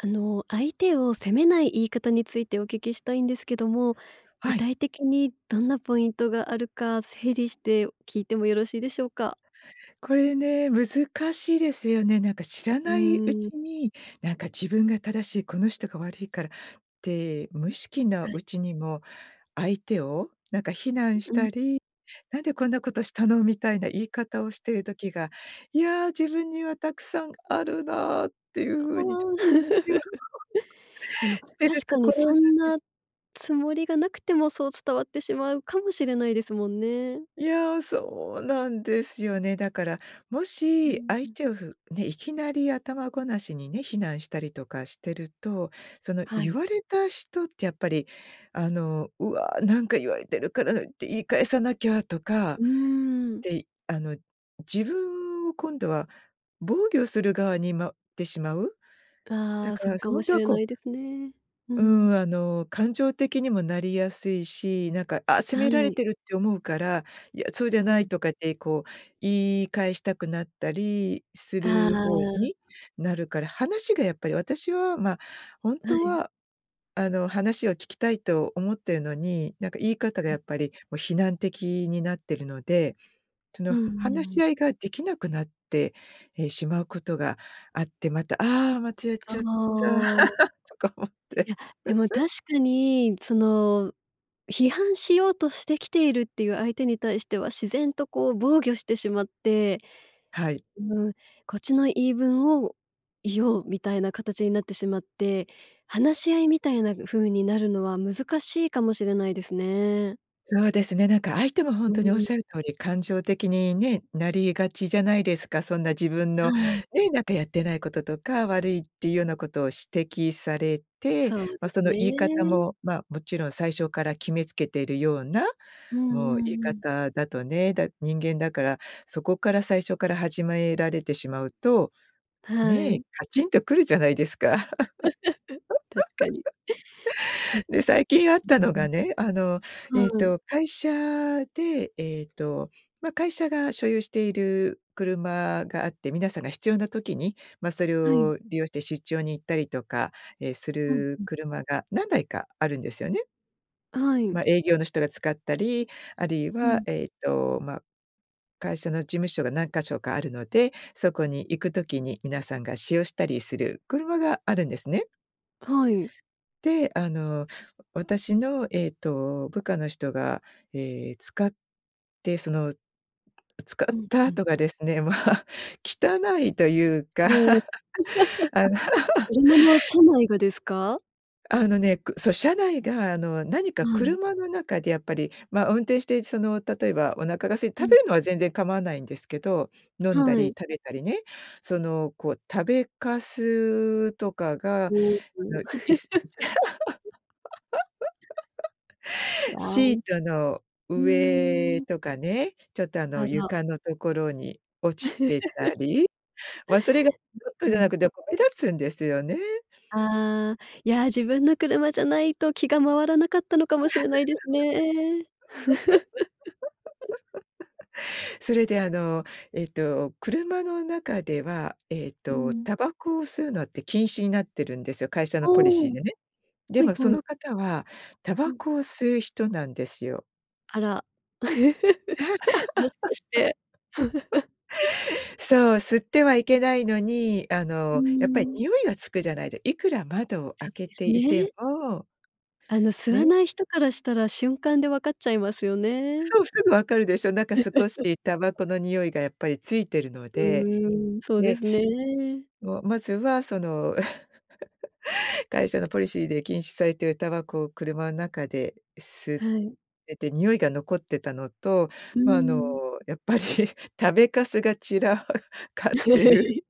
あの、相手を責めない言い方についてお聞きしたいんですけども、は具い。体的にどんなポイントがあるか整理して聞いてもよろしいでしょうか？これね、難しいですよね。なんか、知らうないうーん。ちになんか自分が正しい、この人が悪いからって無意識のはい。うちにも、相手をなんか非難うしうん。たり、なんでこんなことしたの？みたいな言い方をしてる時が、いや、自分にはたくさんあるなっていうあ風にちょあ。反省は、でも、してる確かとこにろなそんでんす。なつもりがなくても、そう伝わってしまうかもしれないですもんね。いや、そうなんですよね。だからもうーしん、う相ん。手をそう、ね、いきなり頭ごなしにね、非難したりとかしてると、そのは言い。われたしとってやっぱり、あの「うわ、なんか言われてるからって言い返さなきゃ」とかっうーん。て、あの、自分を今度は防御する側にまうってしまう？あだあ、かそうら、かそ、ほもんしとはれこなういですね。うーうん。ん、あの、感情的にもなりやすいし、なんか「あ、責はめられい。てる」って思うから「いや、そうじゃうなん。い」とかってこう、言い返したくなったりすああ、る方あ。になるから、話がやっぱり私は、ま、本は当い。はあの、話を聞きたいと思ってるのに、なんか言い方がはやい。っぱりもう非難的になってるので、そうのんう話んうん。し合いができなくなって、え、しまうことがあって「また、ああ、また、やっあちゃった」あ。とか思って。いや。でも確 かにその、批判しようとしてきているっていう相手に対しては、自然とこう、防御してしまって、はい。うーん、こっちの言い分を言おう、みたいな形になってしまって、話し合いみたいな風になるのは難しいかもしれないですね。そうですね、なんか相手もほんうとーにおっん。しゃる通り、感情的にね、なりがちじゃないですか。そんな自分はのい。ね、なんかやってないこととか、悪いっていうようなことを指摘されて、そうま、ですその言い方ね。も、まあ、もちろん最初から決めつけてるような、うんうもうん言いうん。方だとね、だ人間だから、そこから最初から始められてしまうと、はね、い。カチンとくるじゃないですか。確かに。うで、最近あったのん。がね、あの、えっはい。と、会社で、ええと、ま、会社が所有している車があって、皆さんが必要な時に、ま、それはい。を利用して出張に行ったりとか、ええ、すうんるうん。車が何台かあるんですよね。はい。ま、営業の人が使ったり、あるいうはん。えっと、ま、会社の事務所が何箇所かあるので、そこに行くときに皆さんが使用したりする車があるんですね。はい。で、あの、私のえっと、部下の人が、え、使ってその使うっん、たうあん。とがですね、ま、汚いというも。か。あの車の車内がですか？あの、ね、くそう、車内があの、何かはい。車の中でやっぱり、ま、運転してその例えばお腹が空いうて食べん。るのは全然構わないんですけど、飲んだはりい。食べたりね、そのこう食べかすとかが、あお、お。の椅子 あシーい。トのふー上ん。とかね、ちょっとああの、の床のところに落 ちん、てたり、ま、それがちょっとうじゃなん。くて、ま、目立つんですよね。ああ、いや、自分の車じゃないと気が回らなかったのかもしれないですね。それであの、えっと、車の中では、えっうとん。タバコを吸うのって禁止になってるんですよ。会社のああ。ポリシーでね。ではいもそはい。の方はタうバん。コを吸う人なんですよ。あら。もしかして。そう、吸ってはいけないのに、あうーの、やっぱりん。匂いがつくじゃないでいくら窓をそ開うけでてすいてね。も。あの、吸わね。ない人からしたら瞬間で分かっちゃいますよね。そう、すぐ分かるでしょ。なんか少しタバコ の匂いがやっぱりついてるのうで、ーん、そうでね。すね。もう、まずはその。会社のポリシーで禁止されているタバコを車ん中で吸っはい。てて、匂いが残ってたのと、うーま、あのん。やっぱり食べかすが散らはい、かってる。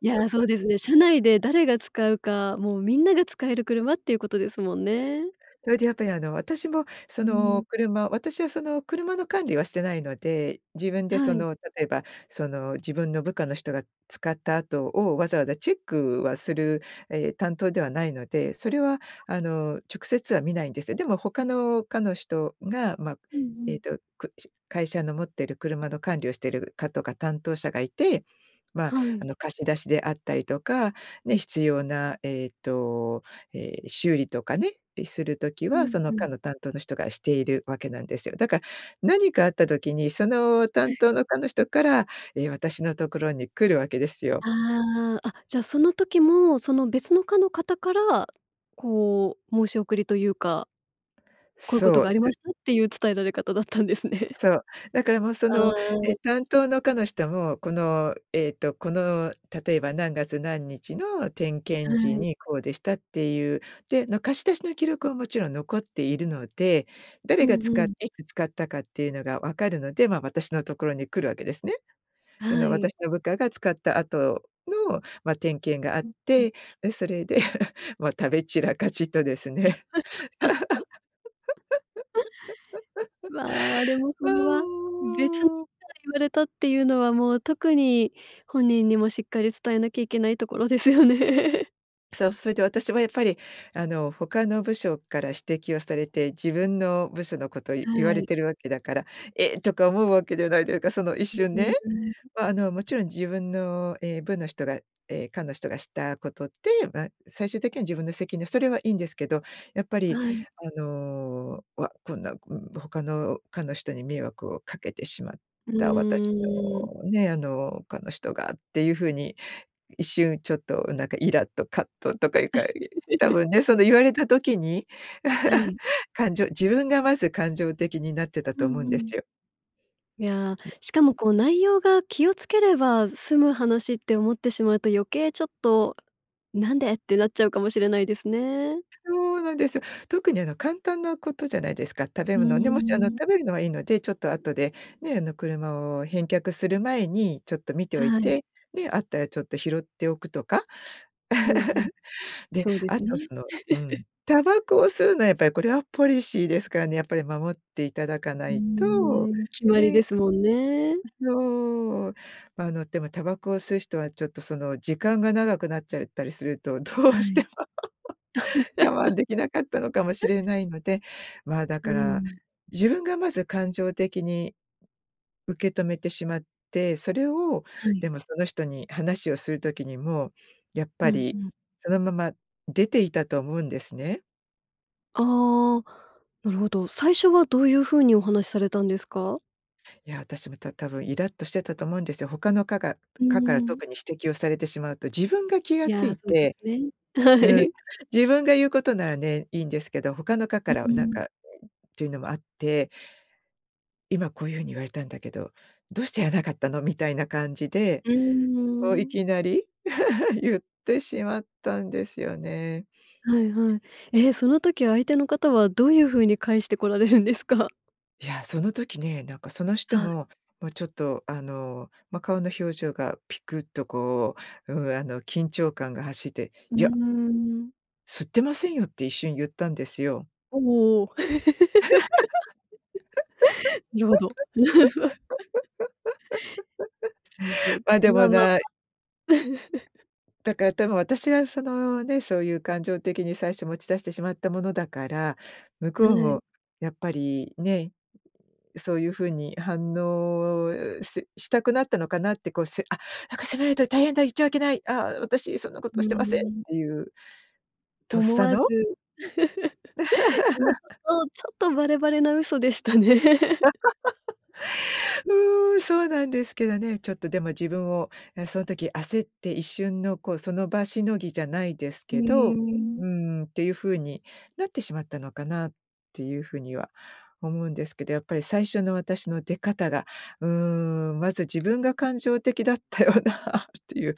いや、そう ですね。社内で誰が使うか、もうみんなが使える車っていうことですもんね。それでやっぱりあの、私もそうのん。車私はその車の管理はしてないので、自分ではそい。の例えばその自分の部下の人が使った後をわざわざチェックはする、え、担当ではないので、それはあ。あの直接は見ないんですよ。でも他の課の人が、ま、うんうえん。っと、くし会社の持っている車の管理をしている課とか担当者がいて、ま、はあい。の貸し出しであったりとか、ね、必要なえっと、え、修理とかね、する時うはん、そのう課ん。の担当の人がしているわけなんですよ。だから何かあった時にそのは担当の課の人から、い。え、私のところに来るわけですよ。ああ、あ、じゃあその時もその別の課の方から、こう申し送りというかこういうことそがう。ありますしたっていう伝えられ方だったんですね。そう、だからもうそああの、あえあ。担当の課の人も、このえっとこの例えば何月何日の点は検時い。にこうでしたっていう、で、の貸し出しの記録はもちろん残っているので、う誰んがう使っん。ていつ使ったかっていうのが分かるので、ま、私のところに来るわけですね。そはのい。私の部下が使った後の、ま、点検があっうん、うん。て、で、それで、もう食べ散らかしとです ね、ま、でも そわれは、別の方にお。言われたっていうのは、もう特に本人にもしっかり伝えなきゃいけないところですよね。そう、それで私もやっぱり、あの、他の部署から指摘をされて、自分の部署のこと言わはれい。てるわけだから「えっ」とか思うわけではないでか、その一う瞬うね。んうん。ま、あの、もちろん自分の、え、部の人がええ、課の人がしたことで、ま、最終的には自分の責任、それはいいんですけど、やっぱりはい。あの、わっ、こんな、うん、他の課の人に迷惑をかけてしまっうた私ーん。のね、あの、課の人がっていうふうに一瞬ちょっとなんかいらっと、葛藤とかいうか、い多分ね、その 言われた時に、は い。感情自分がまず感情的になってたうと思うんんうでん。すよ。いや、でしかもこう、内容が気をつければ済む話って思ってしまうと余計ちょっと「なんで？」ってなっちゃうかもしれないですね。そうなんですよ。特に、あの、簡単なことじゃないですか。食べうー物ね、もし、あの、ん。食べるのはいいので、ちょっと後でね、あの、車を返却する前にちょっと見ておいはい。て、ね、あったらちょっと拾っておくとか？うんうん。で、そうであすと、ね。そのうん、タバコを吸うのはやっぱりこれはポリシーですからね、やっぱり守っていただかうなーいと、ん、決まりでね。すもんね。そう。あの、でもタバコを吸う人はちょっとその時間が長くなっちゃったりすると、どうはしてい。も 我慢 できなかったのかもしれないので、まあ、だうかーら、ん。自分がまず感情的に受け止めてしまって、それをはい。でも、その人に話をする時にも、やっうぱんうりん。そのまま出ていたと思うんですね。ああ、なるほど。最初はどういうふうにお話されたんですか？いや、私また多分イラッとしてたと思うんですよ。他の課がうー課からん。特に指摘をされてしまうと、自分が気がつやあ、いそうですてね。はうん、い。自分が言うことならね、いいんですけど、他の課うからうーなんん。か、ん、っていうのもあって「今、こういうふうに言われたんだけど、どうしてやらなかったの」みたいな感じで、うーこういん。きなり 言ってしまったんですよね。はいはい。え、その時相手の方はどういうふうに返してこられるんですか？やあ、その時ね、なんかその人はい。も、もうちょっと、あの、ま、顔の表情がピクッとこう、うん、あの緊張感が走ってうー「いや」ん。「吸ってませんよ」って一瞬言ったんですよ。おおおお。なるほど。そうですね。ま、でまあもまあなまあ。だから多分私が、そのね、そういう感情的に最初持ち出してしまったものだから、向はこうい。もやっぱりね、そういうふうに反応ししたくなったのかなって、こう「せあ、なんか責められたら大変だ。言っちゃいけない、ああ、私、そんなこうとーしてません」っん。ていうとっ思さわのず、でもち ょっとちょっとバレバレな嘘でしたね。うーん、そうなんですけどね。ちょっとでも自分を、ね、その時焦って一瞬の、こう、その場しのぎじゃないですうけーど、うん。ーんっていうふうになってしまったのかなっていうふうには思うんですけど、やっぱり最初の私の出方が、うーん、まず自分が感情的だったよなっていう。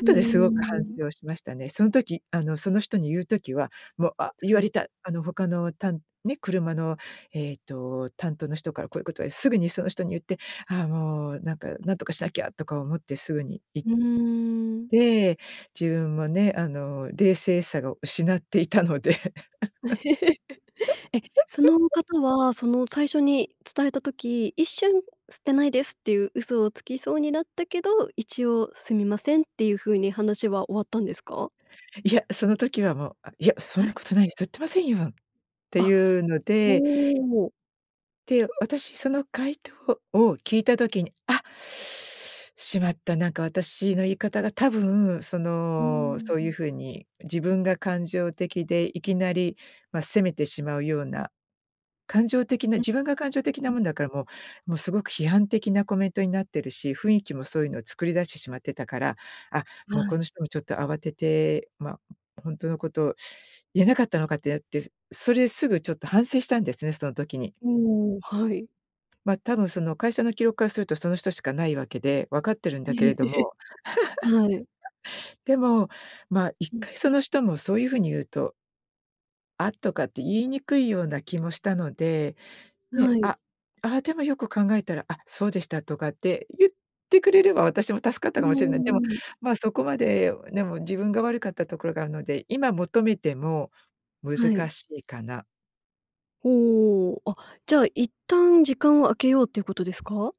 うーですごく反ん。省をしましたね。その時、あのその人に言う時は「もう、あ、言はわれい。た。あの他のたんね、車の、えっと、担当の人からこういうことはすぐにその人に言って、ああもう、なんかなんとかしなきゃ」とか思ってすぐにいうーん。え、自分もね、あの冷静さを失っていたので え、その 方はその最初に伝えた時、一瞬吸ってないですっていう嘘をつきそうになったけど、一応すみませんっていうふうに話は終わったんですか？いや、その時はもう「あ、いや、そんはない。ことないです。吸ってませんよ」ってあ、いうのでほう。て、私、その回答を聞いた時に、あ、しまった、なんか私の言い方が多分そうーの、ん、そうういん。う風に自分が感情的でいきなり、ま、責めてしまうような、感情的なうん。自分が感情的うなん。もんだから、もう、もうすごく批判的なコメントになってるし、雰囲気もそういうのを作り出してしまってたから、あ、もうはこのい。人もちょっと慌てて、まあ、ほんとのこと言えなかったのかってやって、それ、すぐちょっと反省したんですね、その時に。うーん、はい。ま、多分その会社の記録からすると、その人しかないわけで、分かってるんだけれど も。はい。でもまあ、いっうん。かいその人もそういう風に言うと「あっ」とかって言いにくいような気もしたので、ね。はい。あ「あ、でもよく考えたら、あ、そうでした」とかって言ってくれれば、私も助かっうたーかもしれない。ん、でもうん。ま、そこまでね、もう自分が悪かったところがあるので、今求めても、は難い。しいかな。おお。あ。じゃあ、一旦時間を空けようっていうことですか？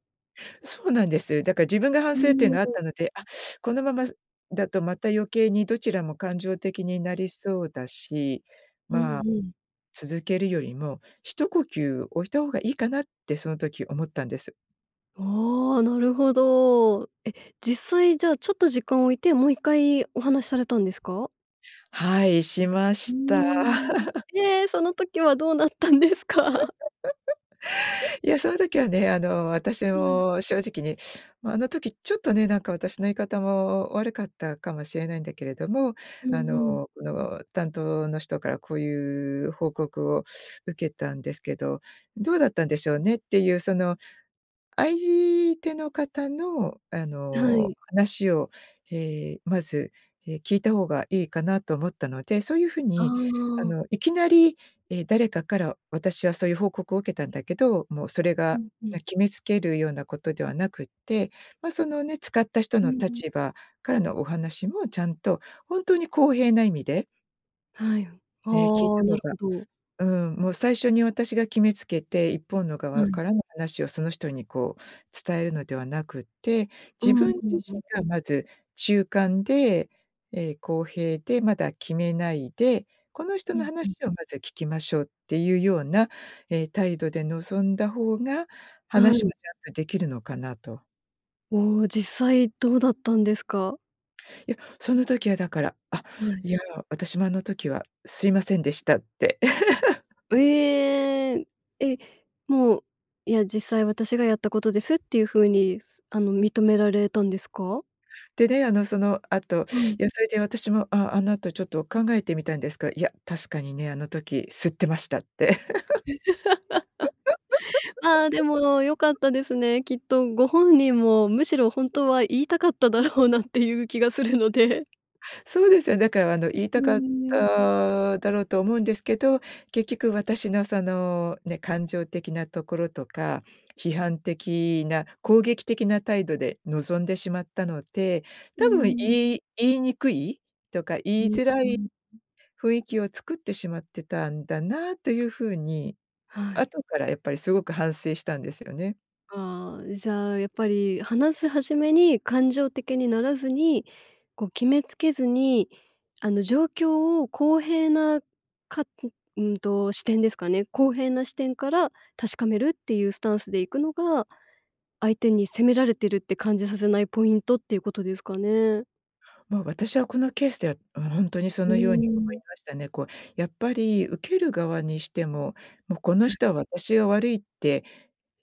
そうなんです。だから自分が反う省点ーがあっん。たので、あ、このまま、すだとまた余計にどちらも感情的になりそうだし、うまあ、んうん。続けるよりも、一呼吸置いた方がいいかな？って、その時思ったんです。ああ、なるほど。え、実際じゃあ、ちょっと時間を置いて、もう一回、お話されたんですか？はい。しまうーした。ん。で、その時はどうなったんですか？いや、その時はね、あの、私うん。も正直に、ま、あの時ちょっとね、なんか私の言い方も悪かったかもしれないんだけれども、うあんうん。の、その、担当の人からこういう報告を受けたんですけど、どうだったんでしょうね？っていうその、あいじての方の、ああ、はの、い。話を、ええ、まず、え、聞いた方がいいかなと思ったので、そういうふうあに、ああ。の、いきなり、え、誰かから私はそういう報告を受けたんだけど、もうそれうが、んうな、ん。決めつけるようなことではなくって、ま、そのね、使った人うのんう立ん。場からのお話もちゃんと、ほんとに公平な意味で？はいん。あええ聞いあ、てなもるほらほど。うん、もう最初に私が決めつけて、一方の側はい。からの話をその人にこう伝えるのではなくって、う自ん分う自んうん。身がまず中間で、ええ、公平でまだ決めないで、この人うのん、ふん。話をまず聞きましょうっていうような、え、態度で望んだ方があ話もん。ちゃんとできるのかなと。お、実際どうだったんですか？いや、その時はだから「あ、はい。いや私もあの時はすいませんでした」って。う えん。え、もう、いや実際私がやったことですっていう風に、すあの認められたんですか？で、ね、あの、その後、はい。いやそれで私も、あ、あの後ちょっと考えてみたんですが、いや、「確かにね、あの時吸ってました」って。ああ、でも良かったで すね。きっとご本人もむしろ本当は言いたかっただろうなっていう気がするので。そうですよ。だからあの言いうたーかっん。ただろうと思うんですけど、結局私のそのね、感情的なところとか批判的な攻撃的な態度で臨んでしまったので、う多分ーん。言い言いにくいとか言いづ [unintelligible] らい、うん。雰囲気を作ってしまってたんだなというふうに、はい。後からやっぱりすごく反省したんですよね。ああ、じゃあ、やっぱり話す始めに感情的にならずに、こう決めつけずにあの状況を公平なかんうんと、視点ですかね。公平な視点から確かめるっていうスタンスでいくのが、相手に責められてるって感じさせないポイントっていうことですかね。ま、私はこのケースでは、うん、本当にそうのように思いん。ましたね。こうやっぱり受ける側にしても、もうこのうん。人は私が悪いって、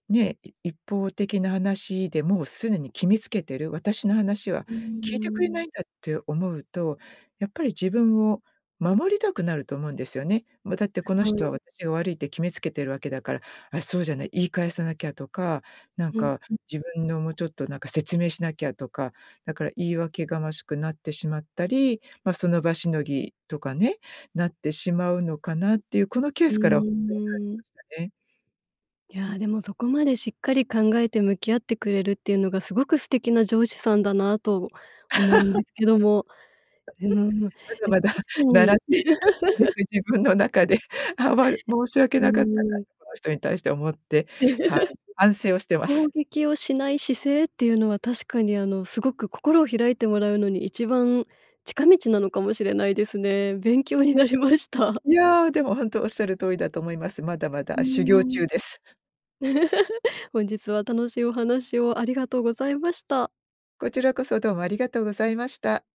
ね、い一方的な話でもう既に決めつけてる、私の話はう聞いてくれないん。んだって思うと、やっぱり自分を守りたくなると思うんですよね。ま、だってこのは人い。は私が悪いって決めつけてるわけだから、あ、そうじゃない、言い返さなきゃとか、なんうんかうん。自分のもうちょっとなんか説明しなきゃとか、だから言い訳がましくなってしまったり、ま、その場しのぎとかね、なってしまうのかなっていうこのケーうスからほんとーん。に感じましたね。いや、でもそこまでしっかり考えて向き合ってくれるっていうのがすごく素敵な上司さんだなと思うんですけども、うーん、で も確まだまだか習っにている途中です。自分の中ではばる申し 訳うなかったなん。とこの人に対して思って、はい、反省をしていま攻す。撃をしない姿勢っていうのは確かにあのすごく心を開いてもらうのに一番近道なのかもしれないですね。勉強になえりました。いやでも本当おっしゃる通りだと思います。まだまうだー修行ん。中です。本日は楽しいお話をありがとうございました。こちらこそどうもありがとうございました。